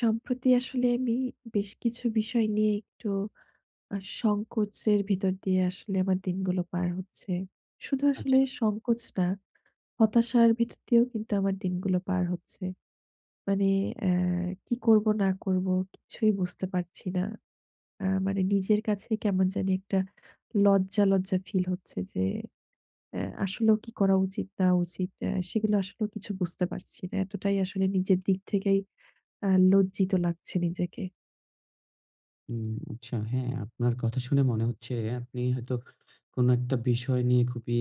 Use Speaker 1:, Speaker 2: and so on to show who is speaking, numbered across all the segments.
Speaker 1: সম্প্রতি আসলে আমি বেশ কিছু বিষয় নিয়ে একটু আ সংকোচের ভিতর দিয়ে আসলে আমার দিনগুলো পার হচ্ছে। শুধু
Speaker 2: আচ্ছা।
Speaker 1: আসলে সংকোচ না। হতাশার ভিতর দিয়েও কিন্তু আমার দিনগুলো পার হচ্ছে। মানে এ কি করব না করব কিছুই বুঝতে পারছি না। আ মানে নিজের কাছে কেমন জানি একটা লজ্জা, লজ্জা ফিল হচ্ছে যে এ আসলেও কি করা উচিত না উচিত এ সেগুলো আসলেও কিছু বুঝতে পারছি না। এতটাই আসলে নিজের দিক থেকেই আ লজ্জিত লাগছে নিজেকে।
Speaker 2: হুম, আচ্ছা। হ্যাঁ, আপনার কথা শুনে মনে হচ্ছে আপনি হয়তো কোনো একটা বিষয় নিয়ে খুবই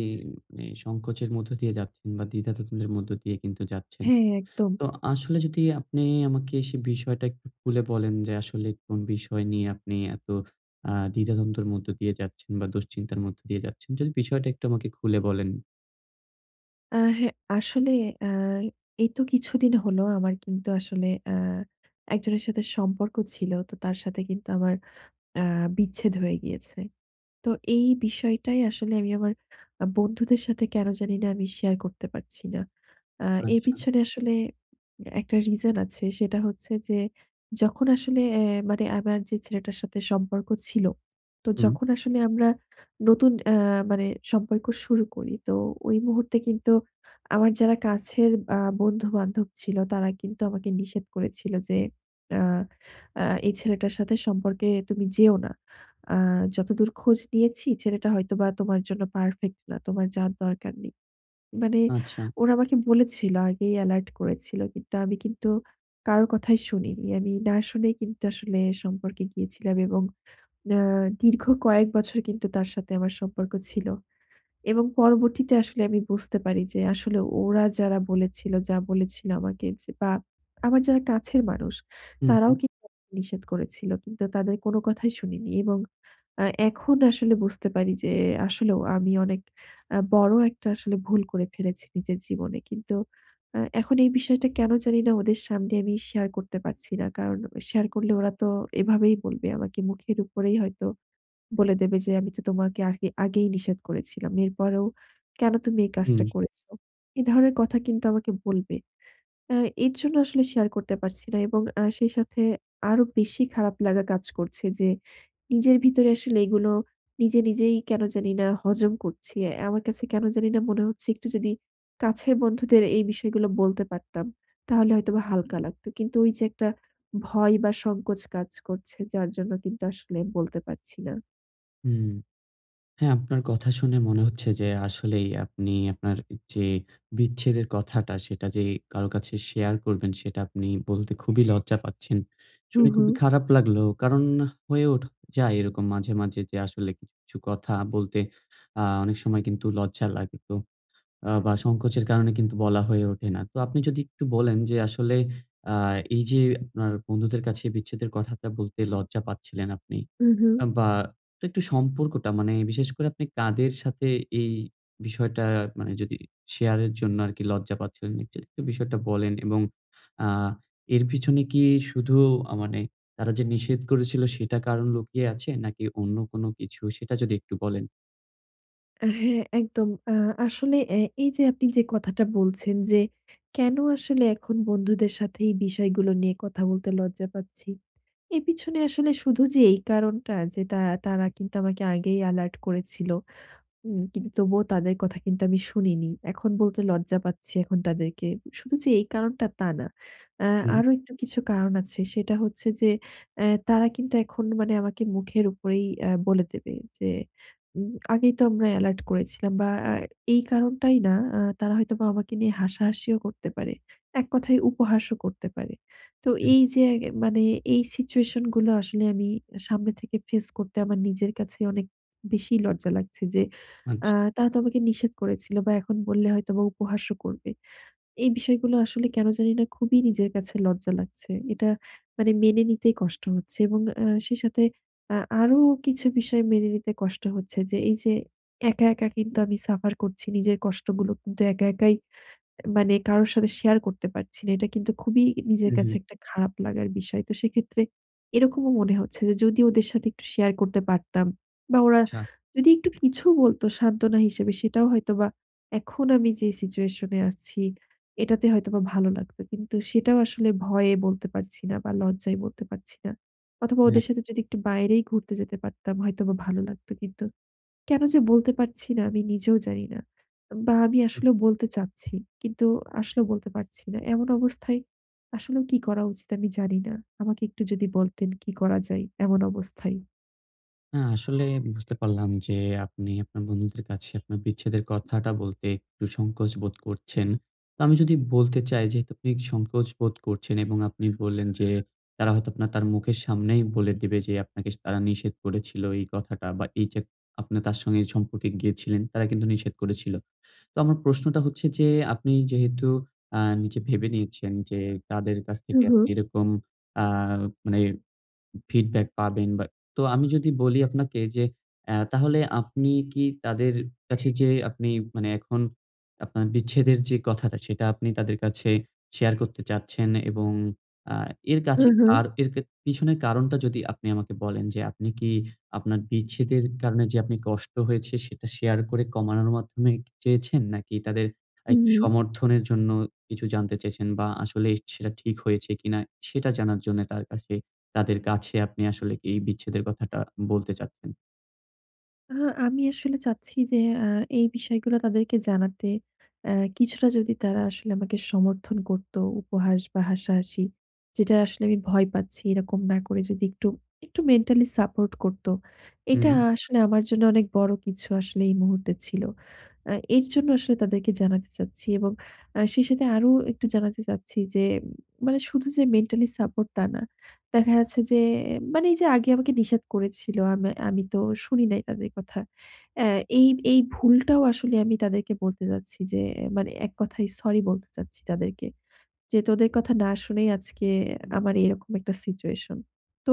Speaker 2: সংকোচের মধ্য দিয়ে যাচ্ছেন বা দ্বিধাদ্বন্দ্বের মধ্য দিয়ে কিন্তু যাচ্ছেন।
Speaker 1: হ্যাঁ, একদম।
Speaker 2: তো আসলে যদি আপনি আমাকে সে বিষয়টা একটু খুলে বলেন যে আসলে কোন বিষয় নিয়ে আপনি এত আ দ্বিধাদ্বন্দ্বর মধ্য দিয়ে যাচ্ছেন বা দুশ্চিন্তার মধ্যে দিয়ে যাচ্ছেন? যদি বিষয়টা একটু আমাকে একটু খুলে বলেন?
Speaker 1: আ হ্যাঁ, আসলে আ এই তো কিছুদিন হলো। আমার কিন্তু আসলে আ একজনের সাথে সম্পর্ক ছিল। তো তার সাথে কিন্তু আমার আ বিচ্ছেদ হয়ে গিয়েছে। তো এই বিষয়টাই আসলে আমি আমার আ বন্ধুদের সাথে কেন জানি না আমি শেয়ার করতে পারছি না। আ এর
Speaker 2: আচ্ছা।
Speaker 1: পিছনে আসলে একটা রিজন আছে, সেটা হচ্ছে যে যখন আসলে এ মানে আমার যে ছেলেটার সাথে সম্পর্ক ছিল। তো
Speaker 2: হুম।
Speaker 1: যখন আসলে আমরা নতুন আ মানে সম্পর্ক শুরু করি। তো ওই মুহূর্তে কিন্তু আমার যারা কাছের আ বন্ধু-বান্ধব ছিল, তারা কিন্তু আমাকে নিষেধ করেছিল যে, "আ আ এই ছেলেটার সাথে সম্পর্কে তুমি যেও না। আ যতদূর খোঁজ নিয়েছি ছেলেটা হয়তোবা তোমার জন্য পারফেক্ট না। তোমার যাওয়ার দরকার নেই।" মানে
Speaker 2: আচ্ছা।
Speaker 1: ওরা আমাকে বলেছিল, আগেই এলার্ট করেছিল। কিন্তু আমি কিন্তু কারো কথাই শুনিনি। আমি না শুনেই কিন্তু আসলে সম্পর্কে গিয়েছিলাম এবং আ দীর্ঘ কয়েক বছর কিন্তু তার সাথে আমার সম্পর্ক ছিল। এবং পরবর্তীতে আসলে আমি বুঝতে পারি যে আসলে ওরা যারা বলেছিল, যা বলেছিল আমাকে যে বা আমার যারা কাছের মানুষ,
Speaker 2: হু,
Speaker 1: তারাও
Speaker 2: হু।
Speaker 1: কি নিষেধ করেছিল। কিন্তু তাদের কোনো কথাই শুনিনি। এবং আ এখন আসলে বুঝতে পারি যে আসলেও আমি অনেক আ বড় একটা আসলে ভুল করে ফেলেছি নিজের জীবনে। কিন্তু আ এখন এই বিষয়টা কেন জানি না ওদের সামনে আমি শেয়ার করতে পারছি না। কারণ, শেয়ার করলে ওরা তো এভাবেই বলবে আমাকে মুখের উপরেই হয়তো বলে দেবে যে, "আমি তো তোমাকে আগে আগেই নিষেধ করেছিলাম। এরপরেও কেন তুমি এই কাজটা
Speaker 2: হুম।
Speaker 1: করেছ?" এ ধরনের কথা কিন্তু আমাকে বলবে। এ এর জন্য আসলে শেয়ার করতে পারছি না। এবং আ সেই সাথে আরো বেশি খারাপ লাগা কাজ করছে যে নিজের ভিতরে আসলে এগুলো নিজে নিজেই কেন জানি না হজম করছি। আমার কাছে কেন জানি না মনে হচ্ছে একটু যদি কাছের বন্ধুদের এই বিষয়গুলো বলতে পারতাম, তাহলে হয়তোবা হালকা লাগত। কিন্তু ওই যে একটা ভয় বা সংকোচ কাজ করছে যার জন্য কিন্তু আসলে বলতে পারছি না।
Speaker 2: হুম। হ্যাঁ, আপনার কথা শুনে মনে হচ্ছে যে আসলেই আপনি আপনার যে বিচ্ছেদের কথাটা সেটা যে কারো কাছে শেয়ার করবেন সেটা আপনি বলতে খুবই লজ্জা পাচ্ছেন।
Speaker 1: হু,
Speaker 2: শুনে খুবই
Speaker 1: হু।
Speaker 2: খারাপ লাগলো। কারণ, হয়ে ওঠ যায় এরকম মাঝে, মাঝে যে আসলে কি ছু কথা বলতে আ অনেক সময় কিন্তু লজ্জা লাগে। তো আ বা সংকোচের কারণে কিন্তু বলা হয়ে ওঠে না। তো আপনি যদি একটু বলেন যে আসলে আ এই যে আপনার বন্ধুদের কাছে বিচ্ছেদের কথাটা বলতে লজ্জা পাচ্ছিলেন আপনি।
Speaker 1: হু, হু।
Speaker 2: বা একটু সম্পর্কটা মানে বিশেষ করে আপনি কাদের সাথে এই বিষয়টা মানে যদি শেয়ারের জন্য আর কি লজ্জা পাচ্ছিলেন একটু এই বিষয়টা বলেন এবং আ এর পিছনে কি শুধু মানে তারা যে নিষেধ করেছিল সেটা কারণ লুকিয়ে আছে নাকি অন্য কোনো কিছু সেটা যদি একটু বলেন?
Speaker 1: হ্যাঁ, একদম। আ আসলে এ এই যে আপনি যে কথাটা বলছেন যে কেন আসলে এখন বন্ধুদের সাথে এই বিষয়গুলো নিয়ে কথা বলতে লজ্জা পাচ্ছি। এর পিছনে আসলে শুধু যে এই কারণটা যে তা তারা কিন্তু আমাকে আগেই এলার্ট করেছিল, হুম। কিন্তু তবুও তাদের কথা কিন্তু আমি শুনিনি। এখন বলতে লজ্জা পাচ্ছি এখন তাদেরকে। শুধু যে এই কারণটা তা না। আ
Speaker 2: হুম।
Speaker 1: আরো একটু কিছু কারণ আছে। সেটা হচ্ছে যে এ তারা কিন্তু এখন মানে আমাকে মুখের উপরেই আ বলে দেবে যে, "আগেই তো আমরা এলার্ট করেছিলাম।" বা এই কারণটাই না। আ তারা হয়তোবা আমাকে নিয়ে হাসাহাসিও করতে পারে। এক কথায় উপহাসও করতে পারে। তো
Speaker 2: হুম।
Speaker 1: এই যে মানে এই সিচুয়েশনগুলো আসলে আমি সামনে থেকে ফেইস করতে আমার নিজের কাছে অনেক বেশি লজ্জা লাগছে যে আ
Speaker 2: আচ্ছা।
Speaker 1: তারা তো আমাকে নিষেধ করেছিল বা এখন বললে হয়তোবা উপহাসও করবে। এই বিষয়গুলো আসলে কেন জানিনা খুবই নিজের কাছে লজ্জা লাগছে। এটা মানে মেনে নিতেই কষ্ট হচ্ছে। এবং আ সেই সাথে আ আরো কিছু বিষয় মেনে নিতে কষ্ট হচ্ছে যে এই যে একা, একা কিন্তু আমি সাফার করছি নিজের কষ্টগুলো। কিন্তু একা, একাই মানে কারোর সাথে শেয়ার করতে পারছি না। এটা কিন্তু খুবই
Speaker 2: হু,
Speaker 1: নিজের
Speaker 2: হু।
Speaker 1: কাছে একটা খারাপ লাগার বিষয়। তো সেক্ষেত্রে এরকমও মনে হচ্ছে যে যদি ওদের সাথে একটু শেয়ার করতে পারতাম বা ওরা
Speaker 2: আচ্ছা।
Speaker 1: যদি একটু কিছু বলত সান্ত্বনা হিসেবে, সেটাও হয়তোবা এখন আমি যে সিচুয়েশনে আছি এটাতে হয়তোবা ভালো লাগত। কিন্তু সেটাও আসলে ভয়ে বলতে পারছি না বা লজ্জায় বলতে পারছি না। অথবা
Speaker 2: [unintelligible]
Speaker 1: ওদের সাথে যদি একটু বাইরেই ঘুরতে যেতে পারতাম হয়তোবা ভালো লাগতো কিন্তু। কেন যে বলতে পারছি না আমি নিজেও জানি না। বা আমি
Speaker 2: হুম।
Speaker 1: আসলেও বলতে চাচ্ছি। কিন্তু আসলে বলতে পারছি না। এমন অবস্থায় আসলেও কি করা উচিত আমি জানি না। আমাকে একটু যদি বলতেন কি করা যায় এমন অবস্থায়?
Speaker 2: হ্যাঁ, আসলে বুঝতে পারলাম যে আপনি আপনার বন্ধুদের কাছে আপনার বিচ্ছেদের কথাটা বলতে একটু সংকোচ বোধ করছেন। তা আমি যদি বলতে চাই যেহেতু আপনি সংকোচ বোধ করছেন এবং আপনি বললেন যে তারা হয়তো আপনার তার মুখের সামনেই বলে দিবে যে আপনাকে তারা নিষেধ করেছিল এই কথাটা। বা এইযে আপনি তার সঙ্গে সম্পর্কে গিয়েছিলেন তারা কিন্তু নিষেধ করেছিল। তো আমার প্রশ্নটা হচ্ছে যে আপনি যেহেতু আ নিজে ভেবে নিয়েছেন যে তাদের কাছ
Speaker 1: হু,
Speaker 2: থেকে আপনি
Speaker 1: হু।
Speaker 2: এরকম আ মানে ফিডব্যাক পাবেন বা তো আমি যদি বলি আপনাকে যে অ্যা তাহলে আপনি কি তাদের কাছে যে আপনি মানে এখন আপনার বিচ্ছেদের যে কথাটা সেটা আপনি তাদের কাছে শেয়ার করতে চাচ্ছেন এবং আ এর
Speaker 1: হু,
Speaker 2: কাছে
Speaker 1: হু।
Speaker 2: কার এরকে পিছনের কারণটা যদি আপনি আমাকে বলেন। যে আপনি কি আপনার বিচ্ছেদের কারণে যে আপনি কষ্ট হয়েছে সেটা শেয়ার করে কমানোর মাধ্যমই কি চেয়েছেন? নাকি তাদের আ
Speaker 1: হু,
Speaker 2: একটু
Speaker 1: হু।
Speaker 2: সমর্থনের জন্য কিছু জানতে চেয়েছেন? বা আসলেই সেটা ঠিক হয়েছে কিনা সেটা জানার জন্য তার কাছে তাদের কাছে আপনি আসলে এই বিচ্ছেদের কথাটা বলতে চাচ্ছেন?
Speaker 1: আহ আমি আসলে চাচ্ছি যে আ এই বিষয়গুলা তাদেরকে জানাতে। অ্যা কিছুটা যদি তারা আসলে আমাকে সমর্থন করত, উপহাস বা হাসাহাসি। যেটা আসলে আমি ভয় পাচ্ছি এরকম না করে যদি একটু, একটু মেন্টালি সাপোর্ট করতো। এটা
Speaker 2: হুম।
Speaker 1: আসলে আমার জন্য অনেক বড় কিছু আসলে এই মুহূর্তে ছিল। আ এর জন্য আসলে তাদেরকে জানাতে চাচ্ছি। এবং আ সেই সাথে আরো একটু জানাতে চাচ্ছি যে মানে শুধু যে মেন্টালি সাপোর্ট তা না। দেখা যাচ্ছে যে মানে এই যে আগে আমাকে নিষেধ করেছিল। আম আমি তো শুনি নাই তাদের কথা। অ্যা এই এই ভুলটাও আসলে আমি তাদেরকে বলতে চাচ্ছি যে মানে এক কথায় সরি বলতে চাচ্ছি তাদেরকে। যে, "তোদের কথা না শুনেই আজকে আমার এরকম একটা সিচুয়েশন।" তো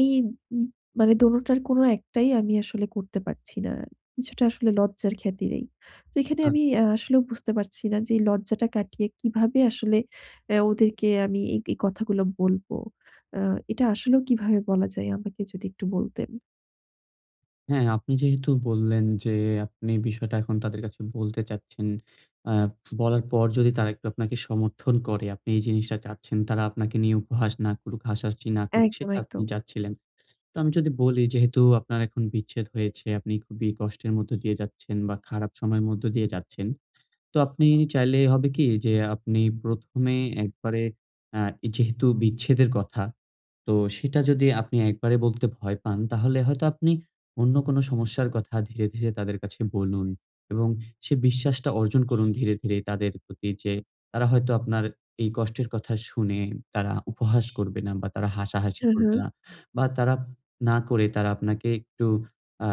Speaker 1: এই উম মানে দোনোটার কোন একটাই আমি আসলে করতে পারছি না। কিছুটা আসলে লজ্জার খাতিরেই। তো এখানে
Speaker 2: আচ
Speaker 1: আমি আ আসলেও বুঝতে পারছি না যে এই লজ্জাটা কাটিয়ে কিভাবে আসলে অ্যা ওদেরকে আমি এই এই কথাগুলো বলব? আ এটা আসলেও কিভাবে বলা যায় আমাকে যদি একটু বলতেন?
Speaker 2: হ্যাঁ আপনি যেহেতু বললেন যে আপনি বিষয়টা এখন তাদের কাছে বলতে চাচ্ছেন। আ বলার পর যদি তারা একটু আপনাকে সমর্থন করে আপনি এই জিনিসটা চাচ্ছেন। তারা আপনাকে নিয়ে উপহাস না করুক, হাসাহাসি না করুক,
Speaker 1: একদম,
Speaker 2: সেটা আপনি
Speaker 1: একদম।
Speaker 2: চাচ্ছিলেন। তো আমি যদি বলি যেহেতু আপনার এখন বিচ্ছেদ হয়েছে, আপনি খুবই কষ্টের মধ্যে দিয়ে যাচ্ছেন বা খারাপ সময়ের মধ্য দিয়ে যাচ্ছেন। তো আপনি চাইলে হবে কি যে আপনি প্রথমে একবারে অ্যা যেহেতু বিচ্ছেদের কথা, তো সেটা যদি আপনি একবারে বলতে ভয় পান তাহলে হয়তো আপনি অন্য কোনো সমস্যার কথা ধীরে, ধীরে তাদের কাছে বলুন এবং সে বিশ্বাসটা অর্জন করুন ধীরে, ধীরে তাদের প্রতি। যে তারা হয়তো আপনার এই কষ্টের কথা শুনে তারা উপহাস করবে না বা তারা হাসাহাসি
Speaker 1: হু,
Speaker 2: করবে
Speaker 1: হু।
Speaker 2: না। বা তারা না করে তারা আপনাকে একটু আ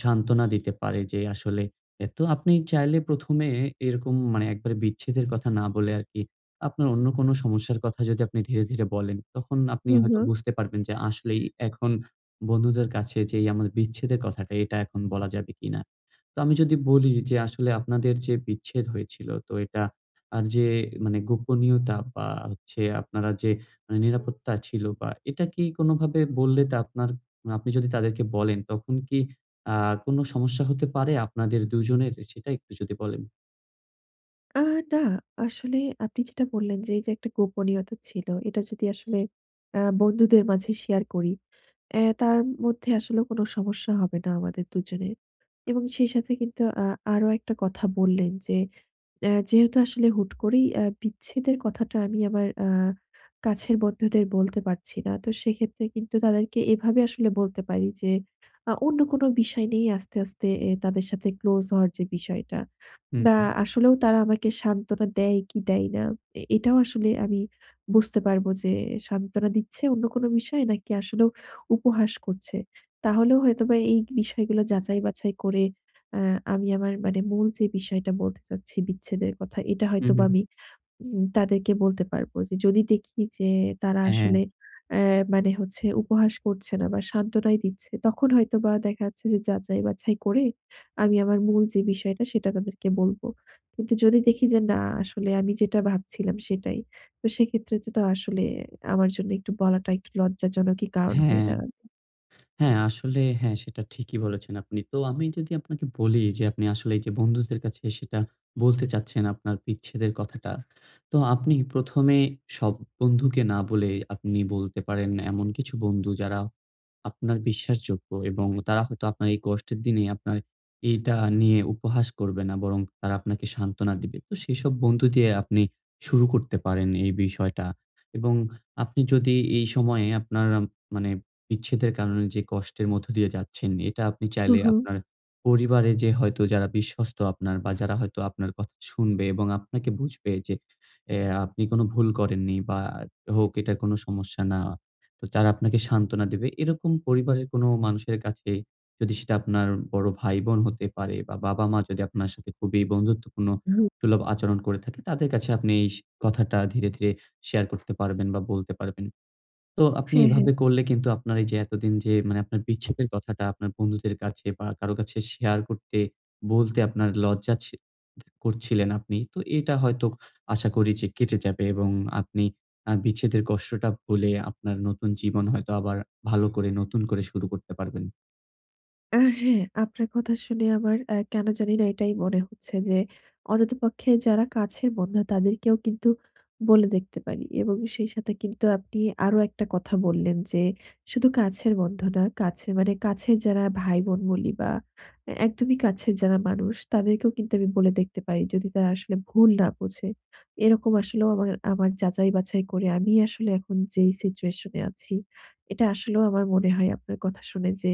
Speaker 2: সান্ত্বনা দিতে পারে। যে আসলে এ তো আপনি চাইলে প্রথমে এরকম মানে একবারে বিচ্ছেদের কথা না বলে আরকি আপনার অন্য কোন সমস্যার কথা যদি আপনি ধীরে, ধীরে বলেন, তখন আপনি
Speaker 1: হুম,
Speaker 2: হয়তো
Speaker 1: হুম।
Speaker 2: বুঝতে পারবেন যে আসলেই এখন বন্ধুদের কাছে যেই আমার বিচ্ছেদের কথাটা এটা এখন বলা যাবে কিনা? তো আমি যদি বলি যে আসলে আপনাদের যে বিচ্ছেদ হয়েছিল তো এটা আর যে মানে গোপনীয়তা বা হচ্ছে আপনারা যে মানে নিরাপত্তা ছিল বা এটা কি কোনভাবে বললে তা আপনার আপনি যদি তাদেরকে বলেন তখন কি আ কোন সমস্যা হতে পারে আপনাদের ২ জনের সেটা একটু যদি বলেন?
Speaker 1: আ না। আসলে আপনি যেটা বললেন যে এই যে একটা গোপনীয়তা ছিল। এটা যদি আসলে আ বন্ধুদের মাঝে share করি এ তার মধ্যে আসলেও কোন সমস্যা হবে না আমাদের ২ জনের। এবং সেই সাথে কিন্তু আ আরো ১ টা কথা বললেন যে অ্যা যেহেতু আসলে হুট করেই আ বিচ্ছেদের কথাটা আমি আমার আ কাছের বন্ধুদের বলতে পারছি না। তো সেক্ষেত্রে কিন্তু তাদেরকে এভাবে আসলে বলতে পারি যে, আ অন্য কোন বিষয় নিয়েই আস্তে, আস্তে এ তাদের সাথে close হওয়ার যে বিষয়টা।
Speaker 2: হু,
Speaker 1: না
Speaker 2: হুম।
Speaker 1: আসলেও তারা আমাকে সান্ত্বনা দেয় কি দেয় না? এ এটাও আসলে আমি বুঝতে পারবো যে সান্ত্বনা দিচ্ছে অন্য কোন বিষয়ে নাকি আসলেও উপহাস করছে? তাহলেও হয়তোবা এই বিষয়গুলা যাচাই বাছাই করে এ আমি আমার মানে মূল যে বিষয়টা বলতে চাচ্ছি বিচ্ছেদের কথা, এটা
Speaker 2: হু, হু,
Speaker 1: হয়তোবা
Speaker 2: হু।
Speaker 1: আমি উম তাদেরকে বলতে পারব। যে যদি দেখি যে তারা
Speaker 2: হ্যাঁ।
Speaker 1: আসলে এ মানে হচ্ছে উপহাস করছে না বা সান্ত্বনাই দিচ্ছে, তখন হয়তোবা দেখা যাচ্ছে যে যাচাই-বাছাই করে আমি আমার মূল যে বিষয়টা সেটা তাদেরকে বলব। কিন্তু যদি দেখি যে না আসলে আমি যেটা ভাবছিলাম সেটাই, তো সেক্ষেত্রে যেটা আসলে আমার জন্য একটু বলাটা একটু লজ্জাজনকই কারণ হয়ে
Speaker 2: হ্যাঁ।
Speaker 1: দাঁড়াবে।
Speaker 2: হ্যাঁ, আসলে হ্যাঁ সেটা ঠিকই বলেছেন আপনি। তো আমি যদি আপনাকে বলি যে আপনি আসলে এই যে বন্ধুদের কাছে সেটা বলতে চাচ্ছেন আপনার বিচ্ছেদের কথাটা। তো আপনি প্রথমে সব বন্ধুকে না বলে আপনি বলতে পারেন এমন কিছু বন্ধু যারা, আপনার বিশ্বাসযোগ্য এবং তারা হয়তো আপনার এই কষ্টের দিনে আপনার এইটা নিয়ে উপহাস করবে না। বরং তারা আপনাকে সান্ত্বনা দিবে। তো সেসব বন্ধু দিয়ে আপনি শুরু করতে পারেন এই বিষয়টা। এবং আপনি যদি এই সময়ে আপনার মানে বিচ্ছেদের কারণে যে কষ্টের মধ্য দিয়ে যাচ্ছেন এটা আপনি
Speaker 1: হু,
Speaker 2: চাইলে
Speaker 1: হু।
Speaker 2: আপনার পরিবারে যে হয়তো যারা বিশ্বস্ত আপনার বা যারা হয়তো আপনার কথা শুনবে এবং আপনাকে বুঝবে যে এ আপনি কোন ভুল করেননি বা হোক এটা কোন সমস্যা না। তো তারা আপনাকে সান্ত্বনা দেবে। এরকম পরিবারের কোন মানুষের কাছে যদি সেটা আপনার বড় ভাই-বোন হতে পারে বা বাবা-মা যদি আপনার সাথে খুবই বন্ধুত্বপূর্ণ
Speaker 1: হুম।
Speaker 2: সুলভ আচরণ করে থাকে তাদের কাছে আপনি এই সে কথাটা ধীরে, ধীরে share করতে পারবেন বা বলতে পারবেন। তো আপনি
Speaker 1: হ্যাঁ, হ্যাঁ।
Speaker 2: এভাবে করলে কিন্তু আপনার এই যে এতদিন যে মানে আপনার বিচ্ছেদের কথাটা আপনার বন্ধুদের কাছে বা কারো কাছে share করতে, বলতে আপনার লজ্জা ছি ত করছিলেন আপনি। তো এটা হয়তো ক আশা করি যে কেটে যাবে এবং আপনি আ বিচ্ছেদের কষ্টটা ভুলে আপনার নতুন জীবন হয়তো আবার ভালো করে নতুন করে শুরু করতে পারবেন।
Speaker 1: আ হ্যাঁ। আপনার কথা শুনে আমার আ কেন জানি না এটাই মনে হচ্ছে যে অন্তত পক্ষে যারা কাছের বন্ধু, তাদেরকেও কিন্তু বলে দেখতে পারি। এবং সেই সাথে কিন্তু আপনি আরো ১ টা কথা বললেন যে শুধু কাছের বন্ধু না, কাছে মানে কাছের যারা ভাই-বোন বলি বা এ একদমই কাছের যারা মানুষ তাদেরকেও কিন্তু আমি বলে দেখতে পারি। যদি তারা আসলে ভুল না বুঝে। এরকম আসলেও আমার, আমার যাচাই-বাছাই করে আমি আসলে এখন যেই situation এ আছি এটা আসলেও আমার মনে হয় আপনার কথা শুনে যে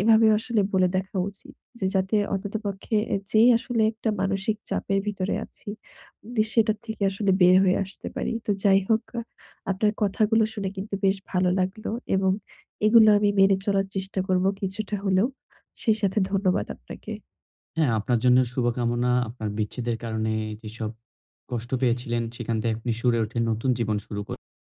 Speaker 1: এভাবেও আসলে বলে দেখা উচিত। যে যাতে অন্তত পক্ষে এ যেই আসলে একটা মানসিক চাপের ভিতরে আছি, উদি সেটার থেকে আসলে বের হয়ে আসতে পারি। তো যাই হোক আ আপনার কথাগুলো শুনে কিন্তু বেশ ভালো লাগলো। এবং এগুলো আমি মেনে চলার চেষ্টা করব কিছুটা হলেও। সেই সাথে ধন্যবাদ আপনাকে।
Speaker 2: হ্যাঁ আপনার জন্যেও শুভকামনা। আপনার বিচ্ছেদের কারণে যেসব কষ্ট পেয়েছিলেন সেখান থেকে আপনি সরে ওঠে নতুন জীবন শুরু করে